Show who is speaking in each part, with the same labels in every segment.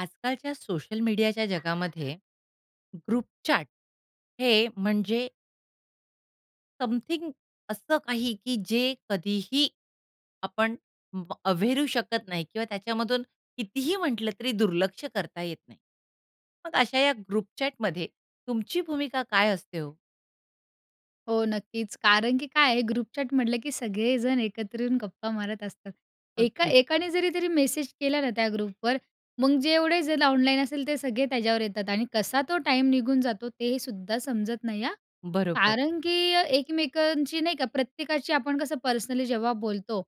Speaker 1: आजकालच्या सोशल मीडियाच्या जगामध्ये ग्रुपचॅट हे म्हणजे समथिंग असं काही, की जे कधीही आपण व अव्हेरू शकत नाही किंवा त्याच्यामधून कितीही म्हंटलं तरी दुर्लक्ष करता येत नाही. मग अशा या ग्रुपचॅटमध्ये तुमची भूमिका काय असते हो?
Speaker 2: हो, नक्कीच. कारण की काय आहे ग्रुपचॅट म्हटलं, की सगळेजण एकत्र येऊन गप्पा मारत असतात. एका
Speaker 1: अगदी.
Speaker 2: एकाने जरी जरी मेसेज केला ना त्या ग्रुपवर, मग जेवढे जण ऑनलाईन असेल ते सगळे त्याच्यावर येतात आणि कसा तो टाईम निघून जातो ते सुद्धा समजत नाही हां.
Speaker 1: बरोबर.
Speaker 2: कारण की एकमेकांची नाही का प्रत्येकाची आपण कसं पर्सनली जेव्हा बोलतो,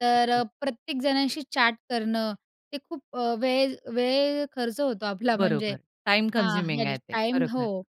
Speaker 2: तर
Speaker 1: अगदी.
Speaker 2: अ, प्रत्येक जणाशी चॅट करणं, ते खूप अ, वेळ वेळ खर्च होतो आपला, म्हणजे
Speaker 1: बरोबर. टाईम
Speaker 2: हां, या
Speaker 1: कन्झ्युमिंग आहे ते.
Speaker 2: टाइम
Speaker 1: खरोखर.
Speaker 2: हो,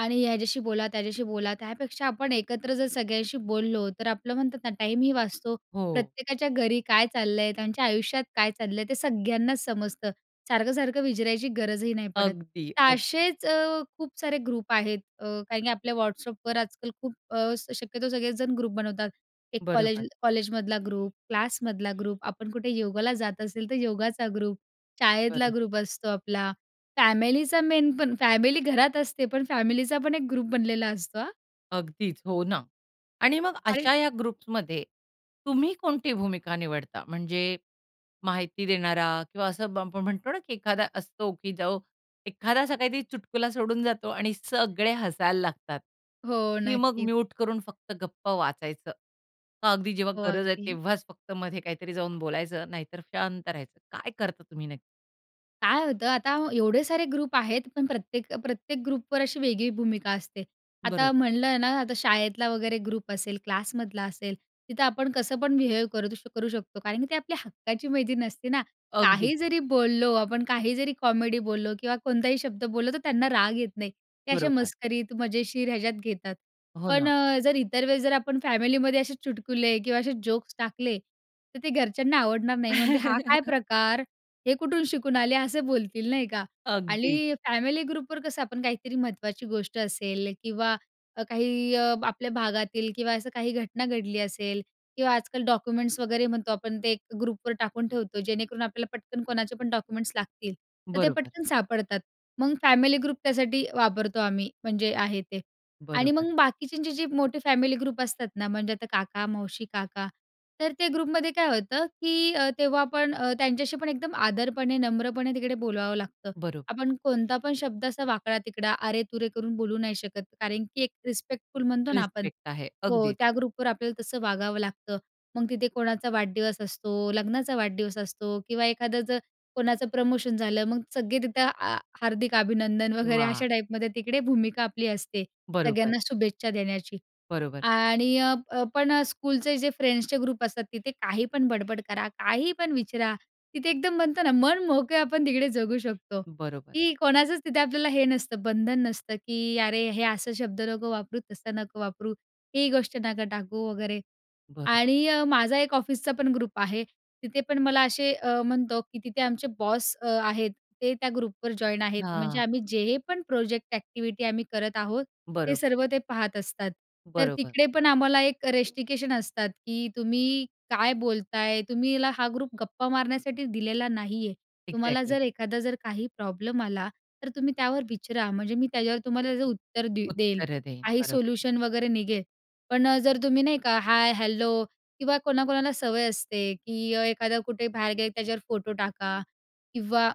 Speaker 2: आणि ह्याच्याशी बोला, त्याच्याशी बोला त्यापेक्षा आपण एकत्र जर सगळ्यांशी बोललो, तर आपलं म्हणतात ना टाईमही वाचतो,
Speaker 1: हो.
Speaker 2: प्रत्येकाच्या घरी काय चाललंय? त्यांच्या आयुष्यात काय चाललंय? ते सगळ्यांनाच समजतं. सारखं-सारखं विचरायची गरजही नाही पडत,
Speaker 1: अगदी,
Speaker 2: तर
Speaker 1: अगदी.
Speaker 2: असेच अ, खूप सारे ग्रुप आहेत. अ, काही-काही आपल्या व्हॉट्सअपवर आजकाल खूप अ, शक्यतो सगळेच जण ग्रुप बनवतात. एक कॉलेज
Speaker 1: बरोबर.
Speaker 2: कॉलेजमधला ग्रुप, क्लासमधला ग्रुप, आपण कुठे योगाला जात असेल तर योगाचा ग्रुप, शाळेतला
Speaker 1: बरं.
Speaker 2: ग्रुप असतो आपला, फॅमिलीचा मेन, पण फॅमिली घरात असते पण फॅमिलीचा पण एक ग्रुप बनलेला असतो हां.
Speaker 1: अगदीच. हो ना. आणि मग
Speaker 2: आणि
Speaker 1: अशा ह्या ग्रुप्समध्ये तुम्ही कोणती भूमिका निवडता? म्हणजे माहिती देणारा किंवा असं बं आपण म्हणतो ना की एखादा असतो की जो एखादा असा काहीतरी चुटकुला सोडून जातो आणि सगळे हसायला लागतात,
Speaker 2: हो,
Speaker 1: की मग
Speaker 2: नक्कीच.
Speaker 1: म्युट करून फक्त गप्प वाचायचं? मग अगदी जेव्हा
Speaker 2: हो,
Speaker 1: गरज आहे
Speaker 2: अगदी.
Speaker 1: तेव्हाच फक्त मध्ये काहीतरी जाऊन बोलायचं, नाहीतर शांत राहायचं. काय करता तुम्ही नक्की?
Speaker 2: काय होतं आता, एवढे सारे ग्रुप आहेत, पण प्रत्येक, अ प्रत्येक ग्रुपवर अशी वेगळी भूमिका असते. आता
Speaker 1: बरोबर.
Speaker 2: म्हणलं ना आता शाळेतला वगैरे ग्रुप असेल, क्लासमधला असेल, तिथं आपण कसं पण बिहेव करू दु करू शकतो कारण की ते आपल्या हक्काची मैत्रीण असते ना.
Speaker 1: अगदी.
Speaker 2: काही जरी बोललो आपण, काही जरी कॉमेडी बोललो किंवा कोणताही शब्द बोललो, तर त्यांना राग येत नाही. ते असे
Speaker 1: बरोबर.
Speaker 2: मस्करीत, मजेशीर ह्याच्यात घेतात.
Speaker 1: हो
Speaker 2: पण
Speaker 1: ना.
Speaker 2: अ, जर इतर वेळेस जर आपण फॅमिलीमध्ये असे चुटकुले किंवा असे जोक्स टाकले, तर ते घरच्यांना आवडणार नाही म्हणतील, "हा काय प्रकार? हे कुठून शिकून आले?" असं बोलतील, नाही का?
Speaker 1: अगदीच.
Speaker 2: आणि फॅमिली ग्रुपवर कसं आपण काहीतरी महत्त्वाची गोष्ट असेल किंवा अ, काही अ, आपल्या भागातील किंवा असं काही घटना घडली असेल किंवा आजकाल डॉक्युमेंट्स वगैरे म्हणतो आपण ते ग्रुपवर टाकून ठेवतो जेणेकरून आपल्याला पटकन कोणाचे पण डॉक्युमेंट्स लागतील, तर ते
Speaker 1: बरोबर.
Speaker 2: पटकन सापडतात. मग फॅमिली ग्रुप त्यासाठी वापरतो आम्ही, म्हणजे आहे ते. आणि
Speaker 1: बरोबर.
Speaker 2: मग बाकीच्यांचे जे मोठे फॅमिली ग्रुप असतात ना, म्हणजे आता काका, मावशी, काका, तर ते ग्रुपमध्ये काय होतं की अ, तेव्हा आपण अ, त्यांच्याशी पण एकदम आदरपणे, नम्रपणे तिकडे बोलवावं लागतं.
Speaker 1: बरोबर.
Speaker 2: आपण कोणता पण शब्द असा वाकडा-तिकडा, अरे-तुरे करून बोलू नाही शकत, कारण की एक रिस्पेक्टफुल म्हणतो ना आपण
Speaker 1: रिसपेक्ट आहे
Speaker 2: हो,
Speaker 1: अगदीच.
Speaker 2: त्या ग्रुपवर आपल्याला तसं वागावं लागतं. मग तिथे कोणाचा वाढदिवस असतो, लग्नाचा वाढदिवस असतो किंवा एखादं जर कोणाचं प्रमोशन झालं, मग सगळे तिथं आ हार्दिक अभिनंदन वगैरे
Speaker 1: वा!
Speaker 2: अशा टाइपमध्ये तिकडे भूमिका आपली असते,
Speaker 1: बरोबर.
Speaker 2: सगळ्यांना शुभेच्छा देण्याची.
Speaker 1: बरोबर.
Speaker 2: आणि अ, अ पण अ, स्कूलचे जे फ्रेंड्सचे ग्रुप असतात तिथे काही पण बडबड करा, काही पण विचारा, तिथे एकदम म्हणतो ना मनमोकळं आपण तिकडे जगू शकतो,
Speaker 1: बरोबर.
Speaker 2: की कोणाचंच तिथे आपल्याला हे नसतं बंधन नसतं, की "अरे हे असं शब्द नको वापरू, तसं नको वापरू, ही गोष्ट नको टाकू" वगैरे
Speaker 1: बरं.
Speaker 2: आणि अ, माझा एक ऑफिसचा पण ग्रुप आहे, तिथे पण मला असे अ, म्हणतो की तिथे आमचे बॉस अ, आहेत ते त्या ग्रुपवर जॉइन आहेत, म्हणजे
Speaker 1: हां.
Speaker 2: आम्ही जे पण प्रोजेक्ट एक्टिव्हिटी आम्ही करत आहोत, ते
Speaker 1: बरोबर.
Speaker 2: सर्व ते पाहत असतात. तर
Speaker 1: बरोबर.
Speaker 2: तिकडे पण आम्हाला एक रिस्ट्रिक्शन असतात, की "तुम्ही काय बोलताय? तुम्हीला हा खूप गप्पा मारण्यासाठी दिलेला नाहीये. तुम्हाला
Speaker 1: इक्झॅक्टली.
Speaker 2: जर एखादा जर काही प्रॉब्लेम आला तर तुम्ही त्यावर विचरा, म्हणजे मी त्याच्यावर तुम्हाला त्याचं उत्तर दे देईल,
Speaker 1: उत्तरं देईन,
Speaker 2: काही
Speaker 1: बरोबर.
Speaker 2: सोल्युशन वगैरे निघेल." पण अ, जर तुम्ही नाही का, हाय, हॅलो किंवा कोणाकोणाला सवय असते, की एखादा कुठे बाहेर गेले की त्याच्यावर फोटो टाका किंवा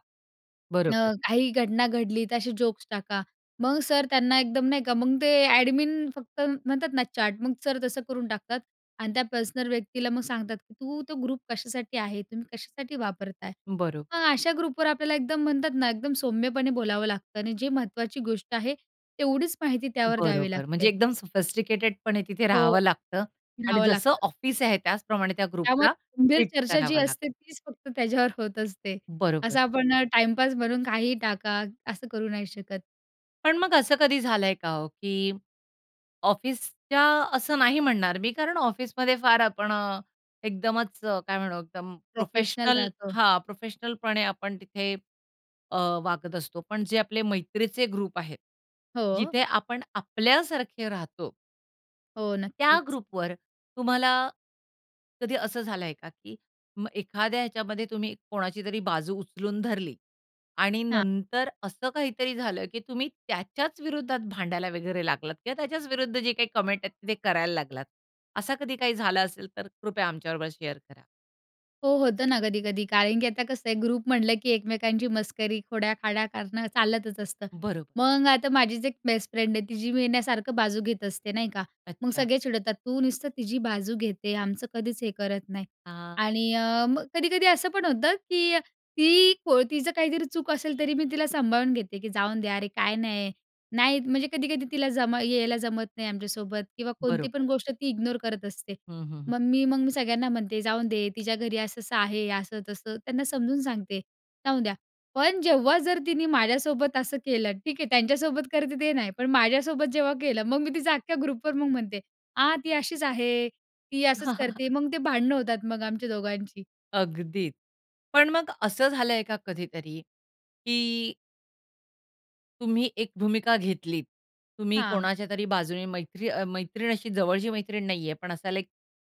Speaker 1: बरोबर.
Speaker 2: अ, काही घटना घडली असे जोक्स टाका. मग सर त्यांना एकदम नाही का मग ते एडमिन फक्त म्हणतात ना चॅट मग सर तसं करून टाकतात आणि त्या पर्सनल व्यक्तीला मग सांगतात, की "तू तो ग्रुप कशासाठी आहे? तुम्ही कशासाठी वापरताय?"
Speaker 1: बरोबर.
Speaker 2: मग अशा ग्रुपवर आपल्याला एकदम, म्हणतात ना, एकदम सौम्यपणे बोलावं लागतं आणि जे महत्त्वाची गोष्ट आहे तेवढीच माहिती त्यावर द्यावी
Speaker 1: बरोबर. म्हणजे
Speaker 2: लागते.
Speaker 1: एकदम सोफिस्टिकेटेडपणे तिथे
Speaker 2: हो.
Speaker 1: राहावं लागतं आणि
Speaker 2: रहाव
Speaker 1: जसं
Speaker 2: लागतं.
Speaker 1: ऑफिस आहे, त्याचप्रमाणे त्या
Speaker 2: त्यामुळे
Speaker 1: ग्रुपला
Speaker 2: गंभीर
Speaker 1: ट्रीट
Speaker 2: चर्चा जी
Speaker 1: करावं लागतं.
Speaker 2: असते तीच फक्त त्याच्यावर होत असते.
Speaker 1: बरोबर.
Speaker 2: असं आपण अ, टाईमपास म्हणून काहीही टाका, असं करू नाही शकत.
Speaker 1: पण, मग असं कधी झालंय का हो, की ऑफिसच्या असं नाही म्हणणार मी, कारण ऑफिसमध्ये फार आपण अ, एकदमच अ, काय म्हणू एकदम
Speaker 2: प्रोफेशनल
Speaker 1: प्रोफेशनल
Speaker 2: राहतो.
Speaker 1: हां प्रोफेशनलपणे आपण तिथे अ, वागत असतो, पण जे आपले मैत्रीचे ग्रुप आहेत
Speaker 2: हो.
Speaker 1: जिथे आपण आपल्यासारखे राहतो
Speaker 2: हो
Speaker 1: त्या
Speaker 2: नक्कीच.
Speaker 1: ग्रुपवर तुम्हाला, कधी असं झालंय का? की मग एखाद्या ह्याच्यामध्ये तुम्ही कोणाची तरी बाजू उचलून धरली आणि
Speaker 2: हां.
Speaker 1: नंतर असं काहीतरी झालं की तुम्ही त्याच्याच विरुद्धात भांडायला वगैरे लागलात किंवा त्याच्याच विरुद्ध जे काही कमेंट आहेत ते करायला लागलात. असं कधी काही झालं असेल तर कृपया आमच्याबरोबर शेअर करा.
Speaker 2: हो, होतं ना कधी-कधी कारण की आता कसं आहे ग्रुप म्हटलं की एकमेकांची मस्करी, खोड्या-खाड्या करणं चालतच असतं,
Speaker 1: बरोबर.
Speaker 2: मग आता माझीच एक बेस्ट फ्रेंड आहे, तिची मी ना सारखं बाजू घेत असते नाही का, मग
Speaker 1: अच्छा.
Speaker 2: सगळे चिडवतात तू नुसतं तिची बाजू घेते आमचं कधीच हे करत नाही आणि अ, मग कधी-कधी असं पण होतं की ती को तिचं काहीतरी चूक असेल तरी मी तिला सांभाळून घेते की जाऊन दे यार, अरे काय नाही नाही, म्हणजे कधी-कधी तिला जमा यायला जमत नाही आमच्यासोबत किंवा कोणती पण
Speaker 1: बरोबर.
Speaker 2: गोष्ट ती इग्नोर करत असते,
Speaker 1: हं, हं, हं.
Speaker 2: मग मी मग मी सगळ्यांना म्हणते जाऊन दे तिच्या घरी असं-असं आहे, असं तसं त्यांना समजून सांगते, जाऊ द्या, पण जेव्हा जर तिने माझ्यासोबत असं केलं ठीक हे, त्यांच्यासोबत करते ते नाही. पण माझ्यासोबत जेव्हा केलं, मग मी तिचा अख्ख्या ग्रुपवर मग म्हणते, "आ, ती अशीच आहे, ती असंच करते." मग ते भांडणं होतात मग आमच्या दोघांची.
Speaker 1: अगदी. पण मग असं झालंय का कधीतरी की तुम्ही एक भूमिका घेतलीत, तुम्ही
Speaker 2: हां.
Speaker 1: कोणाच्यातरी बाजूने मैत्री अ मैत्रीण अशी जवळची मैत्रीण नाहीये पण असा लाइक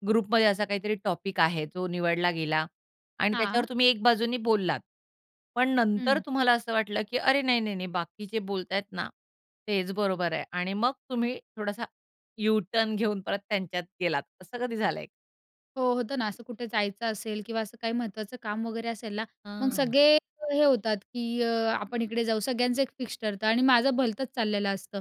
Speaker 1: ग्रुपमध्ये असा काहीतरी टॉपिक आहे जो निवडला गेला आणि
Speaker 2: हां.
Speaker 1: त्याच्यावर तुम्ही एक बाजूने बोललात. पण नंतर
Speaker 2: हं.
Speaker 1: तुम्हाला असं वाटलं की अरे! नाही, नाही, नाही बाकी जे बोलतायत ना तेच बरोबर आहे आणि मग तुम्ही थोडासा यूटर्न घेऊन परत त्यांच्यात गेलात, असं कधी झालंय?
Speaker 2: हो, होतं ना असं कुठे जायचं असेल किंवा असं काही महत्त्वाचं काम वगैरे असेल ना, मग
Speaker 1: हं.
Speaker 2: सगळे हे होतात की अ आपण इकडे जाऊ, सगळ्यांचं एक फिक्स ठरतं आणि माझं भलतंच चाललेलं असतं.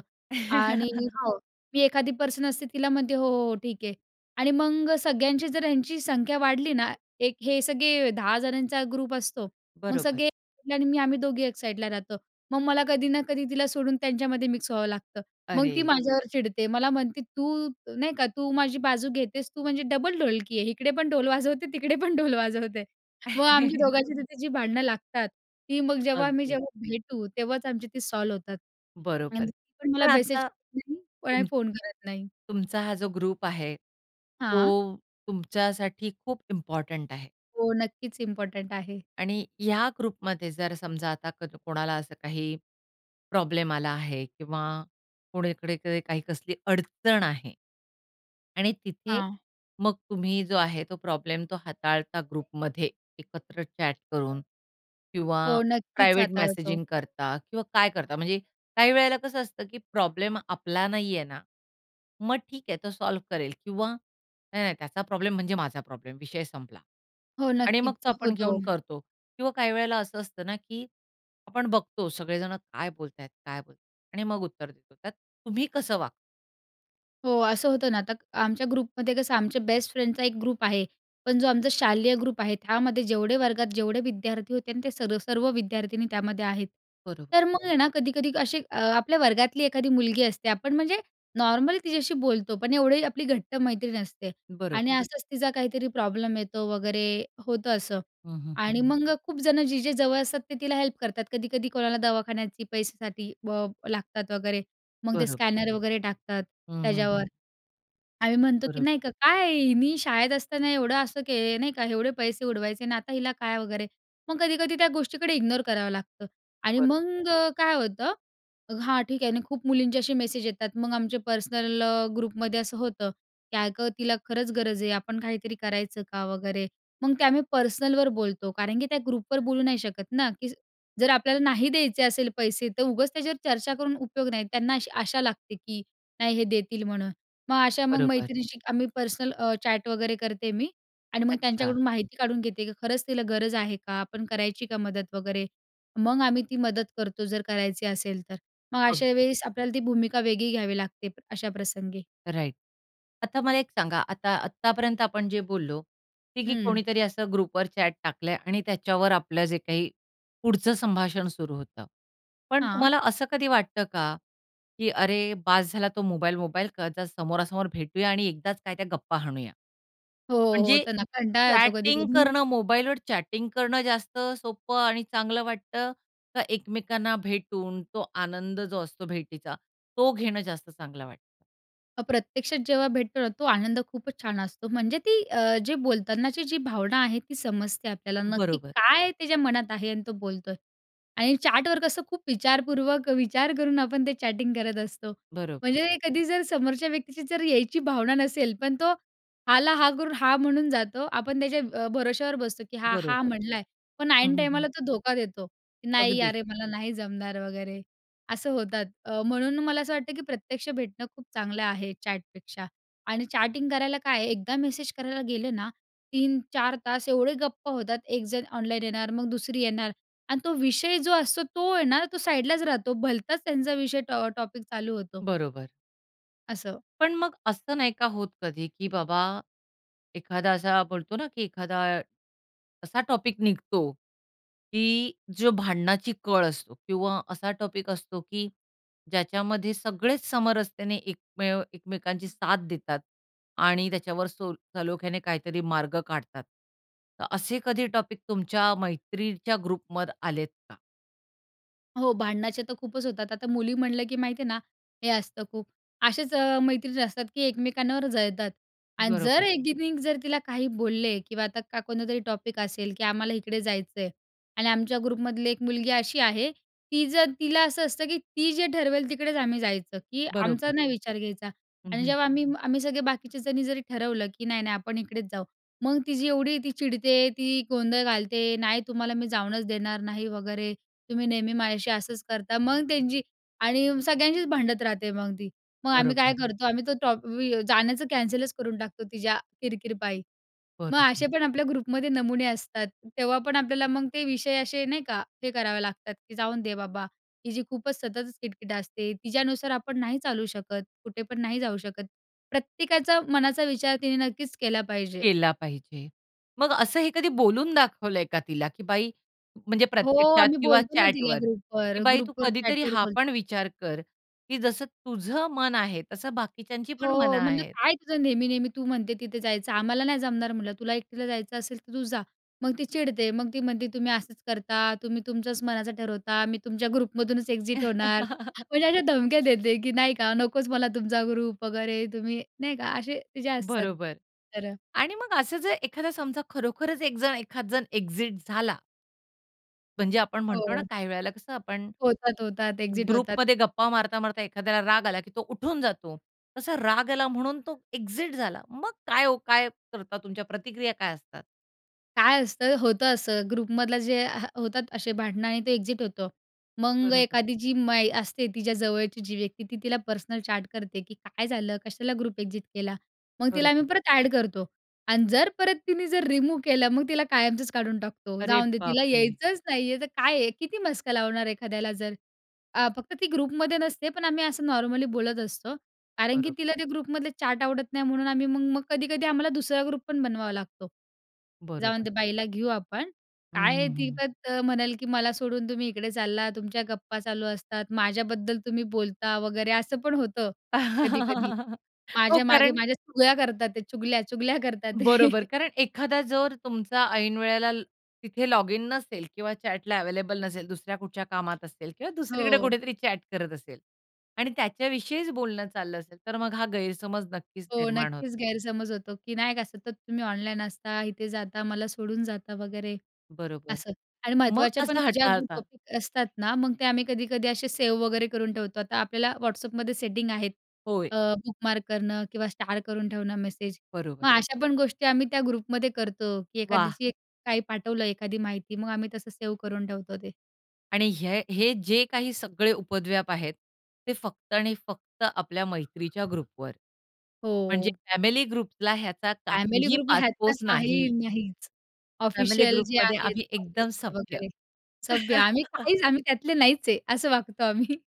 Speaker 2: आणि हो, मी एखादी पर्सनल स्थितीला म्हणते, "हो, हो, हो ठीक आहे." आणि मग सगळ्यांची जर ह्यांची संख्या वाढली ना, एक हे सगळे 10 जणांचा ग्रुप असतो, मग
Speaker 1: बरोबर.
Speaker 2: सगळे आणि मी आम्ही दोघी 1 साईडला राहतो. मग मला कधी ना कधी तिला सोडून त्यांच्यामध्ये मिक्स व्हावं लागतं. मग ती
Speaker 1: अरे!
Speaker 2: माझ्यावर चिडते, मला म्हणते, "तू नाही का तू माझी बाजू घेतेस, तू म्हणजे डबल ढोलकी आहे इकडे पण ढोल वाजवते, तिकडे पण ढोल वाजवते." मग आमच्या दोघांची तिथे जी भांडणं लागतात ती, मग जेव्हा आम्ही
Speaker 1: अगदी.
Speaker 2: जेव्हा भेटू तेव्हाच आमची ती सॉल्व होतात
Speaker 1: बरोबर
Speaker 2: आणि
Speaker 1: आहे.
Speaker 2: पण मला
Speaker 1: पण
Speaker 2: मेसेज
Speaker 1: आता
Speaker 2: नाही कोणाला
Speaker 1: तुम
Speaker 2: फोन करत नाही.
Speaker 1: तुमचा हा जो ग्रुप आहे,
Speaker 2: हां.
Speaker 1: तो तुमच्यासाठी खूप इम्पोर्टंट आहे.
Speaker 2: हो. नक्कीच इम्पोर्टंट आहे.
Speaker 1: आणि ह्या ग्रुपमध्ये जर समजा आता क कोणाला असं काही प्रॉब्लेम आला आहे किंवा कुणीकडे काही कसली अडचण आहे. आणि तिथे,
Speaker 2: हां.
Speaker 1: मग तुम्ही जो आहे तो प्रॉब्लेम तो हाताळता ग्रुपमध्ये एकत्र चॅट करून किंवा
Speaker 2: हो. नक्कीच
Speaker 1: प्रायव्हेट
Speaker 2: हाताळतो.
Speaker 1: मेसेजिंग करता किंवा काय करता? म्हणजे काही वेळेला कसं असतं की प्रॉब्लेम आपला नाही आहे ना, मग ठीक आहे तो सॉल्व्ह करेल किंवा नाही, नाही त्याचा प्रॉब्लेम म्हणजे माझा प्रॉब्लेम विषय संपला.
Speaker 2: हो.
Speaker 1: आणि मग
Speaker 2: नक्कीच
Speaker 1: तो आपण
Speaker 2: होतो.
Speaker 1: घेऊन करतो किंवा काही वेळेला असं असतं ना की आपण बघतो सगळे जण काय बोलतायत, काय बोलतात आणि मग उत्तर देतो त्यात तुम्ही कसं वागता?
Speaker 2: हो असं होतं ना, आता आमच्या ग्रुपमध्ये कसं आमच्या बेस्ट फ्रेंडचा एक ग्रुप आहे, पण जो आमचा शालेय ग्रुप आहे त्यामध्ये जेवढे वर्गात, जेवढे विद्यार्थी होते ना ते सर्व सर्व विद्यार्थिनी त्यामध्ये आहेत.
Speaker 1: बरोबर.
Speaker 2: तर मग आहे ना कधी-कधी अशी अ, आपल्या वर्गातली एखादी मुलगी असते आपण म्हणजे नॉर्मल तिच्याशी बोलतो, पण एवढी आपली घट्ट मैत्री नसते.
Speaker 1: बरोबर.
Speaker 2: आणि असंच तिचा काहीतरी प्रॉब्लेम येतो वगैरे होतं असं
Speaker 1: हं, हं, हं.
Speaker 2: आणि मग अ, खूप जणं जे-जे जवळ असतात ते तिला हेल्प करतात. कधी-कधी कोणाला दवाखान्याची पैशासाठी ब लागतात वगैरे, मग ते
Speaker 1: बरोबर.
Speaker 2: स्कॅनर वगैरे टाकतात
Speaker 1: हं, हं,
Speaker 2: त्याच्यावर.
Speaker 1: हं.
Speaker 2: आम्ही म्हणतो, की
Speaker 1: बरोबर.
Speaker 2: नाही का "काय हिनी शाळेत असताना एवढं असं के नाही का? एवढे पैसे उडवायचे आणि आता हिला काय" वगैरे. मग कधी-कधी त्या गोष्टीकडे इग्नोर करावं लागतं आणि
Speaker 1: बरोबर.
Speaker 2: मग काय होतं, हां ठीक आहे ना खूप मुलींचे असे मेसेज येतात मग आमचे पर्सनल अ, ग्रुपमध्ये असं होतं, की "अगं तिला खरंच गरज आहे. आपण काहीतरी करायचं का?" वगैरे, मग ते आम्ही पर्सनलवर बोलतो कारण की त्या ग्रुपवर बोलू नाही शकत ना, की जर आपल्याला नाही द्यायचे असेल पैसे तर उगाच त्याच्यावर चर्चा करून उपयोग नाही. त्यांना अशी आशा लागते, की नाही हे देतील म्हणून. मग अशा मग
Speaker 1: बरोबर.
Speaker 2: मैत्रिणींशी आम्ही पर्सनल अ, चॅट वगैरे करते मी आणि मग
Speaker 1: अच्छा.
Speaker 2: त्यांच्याकडून माहिती काढून घेते की खरंच तिला गरज आहे का? आपण करायची का मदत वगैरे. मग आम्ही
Speaker 1: बरं.
Speaker 2: ती मदत करतो जर करायची असेल तर. मग अशा
Speaker 1: अगदी.
Speaker 2: वेळेस आपल्याला ती भूमिका वेगळी घ्यावी लागते अशा प्रसंगी.
Speaker 1: राइट. आता मला एक सांगा. आता आत्तापर्यंत आपण जे बोललो, ते की
Speaker 2: हम्म.
Speaker 1: कोणीतरी असं ग्रुपवर चॅट टाकलंय आणि त्याच्यावर आपलं जे काही पुढचं संभाषण सुरु होतं, पण
Speaker 2: हां.
Speaker 1: तुम्हाला असं कधी वाटतं का, की "अरे! बास झाला तो मोबाईल-मोबाईल, का ज समोरासमोर भेटूया आणि एकदाच काय त्या गप्पा हाणूया."
Speaker 2: हो,
Speaker 1: म्हणजे
Speaker 2: होतं ना कंटाळा येतो
Speaker 1: चॅटिंग
Speaker 2: कधी-कधी.
Speaker 1: करणं मोबाईलवर चॅटिंग करणं जास्त सोपं आणि चांगलं वाटतं, का एकमेकांना भेटून तो आनंद जो असतो भेटीचा तो घेणं जास्त चांगलं वाटतं?
Speaker 2: अ प्रत्यक्षात, जेव्हा भेटतो ना तो आनंद खूपच छान असतो, म्हणजे ती अ, जे बोलतानाची जी भावना आहे ती समजते आपल्याला, नक्की
Speaker 1: बरोबर.
Speaker 2: काय त्याच्या मनात आहे आणि तो बोलतोय. आणि चॅटवर कसं खूप विचारपूर्वक विचार करून आपण ते चॅटिंग करत असतो,
Speaker 1: बरोबर.
Speaker 2: म्हणजे कधी जर समोरच्या व्यक्तीची जर यायची भावना नसेल पण तो हां ला हां करून हां म्हणून जातो, आपण त्याच्या अ, भरोश्यावर बसतो की हा हां
Speaker 1: बरोबर.
Speaker 2: म्हणला आहे, पण
Speaker 1: हं,
Speaker 2: ऐन
Speaker 1: हं, हं.
Speaker 2: टाईमाला तो धोका देतो की "नाही
Speaker 1: अगदीच.
Speaker 2: अरे मला नाही जमणार" वगैरे असं होतात. अ, म्हणून ना मला असं वाटतं की प्रत्यक्ष भेटणं खूप चांगलं आहे चॅटपेक्षा आणि चॅटिंग करायला काय आहे, एकदा मेसेज करायला गेलं ना 3-4 तास एवढे गप्पा होतात, एकजण ऑनलाईन येणार, मग दुसरी येणार आणि तो विषय जो असतो तो ये ना तो साईडलाच राहतो. भलताच त्यांचा विषय टॉ अ, टॉपिक चालू होतो.
Speaker 1: बरोबर.
Speaker 2: असं.
Speaker 1: पण मग असं नाही का होत कधी की बाबा एखादा असा बोलतो ना की एखादा असा टॉपिक निघतो की जो भांडणाची कळ असतो किंवा असा टॉपिक असतो की ज्याच्यामध्ये सगळेच समरसतेने एकमेव एकमेकांची साथ देतात आणि त्याच्यावर सोल सलोख्याने काहीतरी मार्ग काढतात. तर असे कधी टॉपिक तुमच्या मैत्रीच्या ग्रुपमध आलेत का?
Speaker 2: हो, भांडणाचे तर खूपच होतात. आता मुली म्हणलं की माहिती आहे ना, हे असतं खूप. असेच अ, मैत्रिणी असतात की एकमेकांवर जळतात आणि
Speaker 1: बरोबर.
Speaker 2: जर एकीने जर तिला काही बोलले किंवा आता का कोणतरी टॉपिक असेल की आम्हाला इकडे जायचंय आणि आमच्या ग्रुपमधली एक मुलगी अशी आहे, ती जर तिला असं असतं की ती जे ठरवेल तिकडेच आम्ही जायचं, की आमचा
Speaker 1: बरोबर.
Speaker 2: नाही विचार घ्यायचा.
Speaker 1: हं,
Speaker 2: आणि
Speaker 1: हं.
Speaker 2: जेव्हा आम्ही आम्ही सगळे बाकीचे जणी जरी ठरवलं की नाही-नाही आपण इकडेच जाऊ, मग तिची एवढी ती चिडते, ती गोंधळ घालते, "नाही तुम्हाला मी जाऊनच देणार नाही" वगैरे "तुम्ही नेहमी माझ्याशी असंच करता." मग त्यांची आणि सगळ्यांशीच भांडणं राहते मग ती. मग आम्ही काय
Speaker 1: बरोबर.
Speaker 2: करतो, आम्ही तो टॉप वि अ, जाण्याचं कॅन्सलच करून टाकतो तिच्या किर-किरपायी. मग
Speaker 1: बरोबर.
Speaker 2: असे पण आपल्या ग्रुपमध्ये नमुने असतात, तेव्हा पण आपल्याला मग ते विषय असे, नाही का, हे करावे लागतात की जाऊन दे बाबा, हिची खूपच सततच किट-किट असते. तिच्यानुसार आपण नाही चालू शकत. कुठे पण नाही जाऊ शकत. प्रत्येकाचा मनाचा विचार तिने नक्कीच केला पाहिजे.
Speaker 1: केला पाहिजे. मग असं हे कधी बोलून दाखवलंय का तिला? की बाई, म्हणजे
Speaker 2: हो,
Speaker 1: प्रत्यक्षात
Speaker 2: आम्ही
Speaker 1: किंवा
Speaker 2: बोलतो ना तिला
Speaker 1: चॅटवर की
Speaker 2: ग्रुपवर,
Speaker 1: "बाई तू
Speaker 2: ग्रुपवर
Speaker 1: कधीतरी
Speaker 2: चॅटवर
Speaker 1: हा पण
Speaker 2: बोलतो.
Speaker 1: विचार कर. की जसं तुझं मन आहे तसं बाकीच्यांची पण मनं
Speaker 2: हो, म्हणलं,
Speaker 1: आहेत."
Speaker 2: "काय तुझं नेहमी-नेहमी? तू म्हणते तिथे जायचं. आम्हाला नाही जमणार," म्हणलं, "तुला एकटीला जायचं असेल तर तू जा." मग ती चिडते. मग ती म्हणते, "तुम्ही असंच करता. तुम्ही तुमच्याच मनाचं ठरवता. मी तुमच्या ग्रुपमधूनच एक्झिट होणार" म्हणजे अशा धमक्या देते की नाही का, नकोच मला तुमचा ग्रुप वगैरे, तुम्ही नाही का असे तिचे असतात
Speaker 1: बरोबर.
Speaker 2: तर.
Speaker 1: आणि मग असं जे एखादा समजा खरोखरच एक जण, एखाद जण एक्झिट झाला म्हणजे आपण म्हणतो ना
Speaker 2: हो.
Speaker 1: काही वेळेला कसं आपण,
Speaker 2: होतात, होतात, एक्झिट होतात.
Speaker 1: ग्रुपमध्ये गप्पा मारता, मारता एखाद्याला राग आला की तो उठून जातो. तसा राग आला म्हणून तो एक्जिट झाला. मग काय ओ काय करता? तुमच्या प्रतिक्रिया काय असतात?
Speaker 2: काय असतं, होतं असं ग्रुपमधलं जे ह होतात अशे भांडणं आणि ते एक्झिट होतो. मग
Speaker 1: बरोबर.
Speaker 2: एखादी जी मा ई असते तिच्या जवळची जी व्यक्ती, ती तिला पर्सनल चॅट करते की काय झालं? कशाला ग्रुप एक्झिट केला? मग तिला आम्ही
Speaker 1: बरोबर.
Speaker 2: परत ॲड करतो आणि जर परत तिने जर रिमूव्ह केलं, मग तिला कायमचंच काढून टाकतो,
Speaker 1: अरे
Speaker 2: जाऊन दे
Speaker 1: बाप
Speaker 2: तिला
Speaker 1: रे!
Speaker 2: यायचंच नाही आहे तर काय आहे, किती मस्का लावणार एखाद्याला? जर अ, फक्त ती ग्रुपमध्ये नसते पण आम्ही असं नॉर्मली बोलत असतो कारण की
Speaker 1: बरोबर.
Speaker 2: तिला ते ग्रुपमधले चॅट आवडत नाही म्हणून आम्ही मग-मग, कधी-कधी आम्हाला दुसरा ग्रुप पण बनवावा लागतो. जाउन
Speaker 1: बरोबर.
Speaker 2: दे बाईला घेऊ आपण, काय आहे ती
Speaker 1: हम्म.
Speaker 2: तत म्हणल की "मला सोडून तुम्ही इकडे चाललात, तुमच्या गप्पा चालू असतात, माझ्याबद्दल तुम्ही बोलता वगैरे." असं पण होतं कधी-कधी
Speaker 1: हो
Speaker 2: "माझ्या मागे
Speaker 1: कारण
Speaker 2: माझ्या चुग्याल्या करतातते चुगल्या-चुगल्या करतातते."
Speaker 1: बरोबर, कारण एखादा जर तुमचा ऐन वेळेला तिथे लॉगिन नसेल किंवा चॅटला अवेलेबल नसेल, दुसऱ्या कुठच्या कामात असेल किंवा दुसरीकडे
Speaker 2: हो.
Speaker 1: कुठेतरी चॅट करत असेल आणि त्याच्याविषयीच बोलणं चाललं असेल, तर मग हा गैरसमज नक्कीच
Speaker 2: हो,
Speaker 1: निर्माण होतो.
Speaker 2: नक्कीच गैरसमज होतो, की नाही का सतत तुम्ही ऑनलाईन असता, इथे जाता, मला सोडून जाता वगैरे
Speaker 1: बरोबर.
Speaker 2: असं आणि
Speaker 1: मग
Speaker 2: महत्त्वाच्या पण
Speaker 1: कसं
Speaker 2: ज्या ग्रू
Speaker 1: हाताळता?
Speaker 2: टॉपिक असतात ना मग ते आम्ही कधी-कधी असे सेव वगैरे करून ठेवतो. आता आपल्याला WhatsAppमध्ये सेटिंग आहेत.
Speaker 1: होय.
Speaker 2: अ, बुकमार्क करणं किंवा स्टार करून ठेवणं मेसेज,
Speaker 1: बरोबर.
Speaker 2: मग अशा पण गोष्टी आम्ही त्या ग्रुपमध्ये करतो की
Speaker 1: वाह!
Speaker 2: एखाद्याची काही पाठवलं, एखादी माहिती मग आम्ही तसं सेव्ह करून ठेवतो ते.
Speaker 1: आणि हे हे जे काही सगळे उपद्व्याप आहेत ते फक्त आणि फक्त आपल्या मैत्रीच्या ग्रुपवर, म्हणजे
Speaker 2: हो.
Speaker 1: फॅमिली ग्रुपला ह्याचा
Speaker 2: फॅमिली
Speaker 1: काहीही
Speaker 2: ग्रुपला ह्यातलं
Speaker 1: पासपोस
Speaker 2: काही
Speaker 1: नाही.
Speaker 2: नाहीच,
Speaker 1: फॅमिली
Speaker 2: ऑफिशल जे
Speaker 1: ग्रुपमध्ये
Speaker 2: आहेत
Speaker 1: आम्ही एकदम
Speaker 2: ऑफिसचे
Speaker 1: सभ्य.
Speaker 2: वगैरे. सभ्य, आम्ही काहीच, आम्ही त्यातले नाहीच आहे, असं वागतो आम्ही.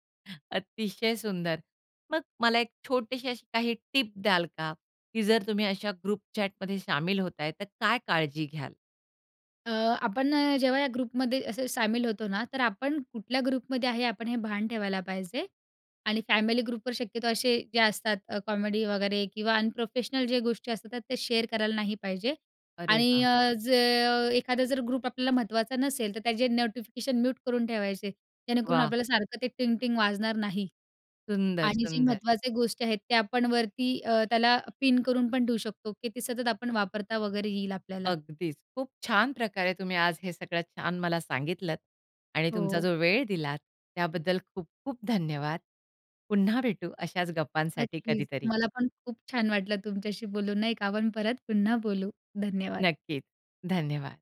Speaker 1: अतिशय सुंदर! मग मला एक छोटीशी अशी काही टिप द्याल का? की जर तुम्ही अशा ग्रुप चॅटमध्ये शामील होताय तर काय काळजी घ्याल?
Speaker 2: अ, आपण ना जेव्हा या ग्रुपमध्ये असे शामील होतो ना, तर आपण कुठल्या ग्रुपमध्ये आहे आपण हे भान ठेवायला पाहिजे. आणि, फॅमिली ग्रुपवर शक्यतो असे जे असतात अ, कॉमेडी वगैरे किंवा अनप्रोफेशनल जे गोष्टी असतात त्या शेअर करायला नाही पाहिजे.
Speaker 1: अरे
Speaker 2: आणि
Speaker 1: वा!
Speaker 2: अ, ज एखादा जर ग्रुप आपल्याला महत्त्वाचा नसेल तर त्याचे नोटिफिकेशन म्यूट करून ठेवायचे जेणेकरून
Speaker 1: व्वा!
Speaker 2: आपल्याला सारखं ते टिंग-टिंग वाजणार नाही.
Speaker 1: सुंदर,
Speaker 2: आणि, जे
Speaker 1: सुंदर.
Speaker 2: महत्त्वाच्या गोष्टी आहेत, त्या आपण वरती अ, त्याला पिन करून पण ठेवू शकतो की ते सतत आपण वापरता वगैरे येईल आपल्याला.
Speaker 1: अगदीच, खूप छान प्रकारे तुम्ही आज हे सगळं छान मला सांगितलंत आणि तुमचा
Speaker 2: हो.
Speaker 1: जो वेळ दिलात त्याबद्दल खूप-खूप धन्यवाद. पुन्हा भेटू अशाच गप्पांसाठी
Speaker 2: नक्कीच,
Speaker 1: कधीतरी.
Speaker 2: मला पण खूप छान वाटलं तुमच्याशी बोलून नाही का? आपण परत पुन्हा बोलू धन्यवाद.
Speaker 1: नक्कीच, धन्यवाद.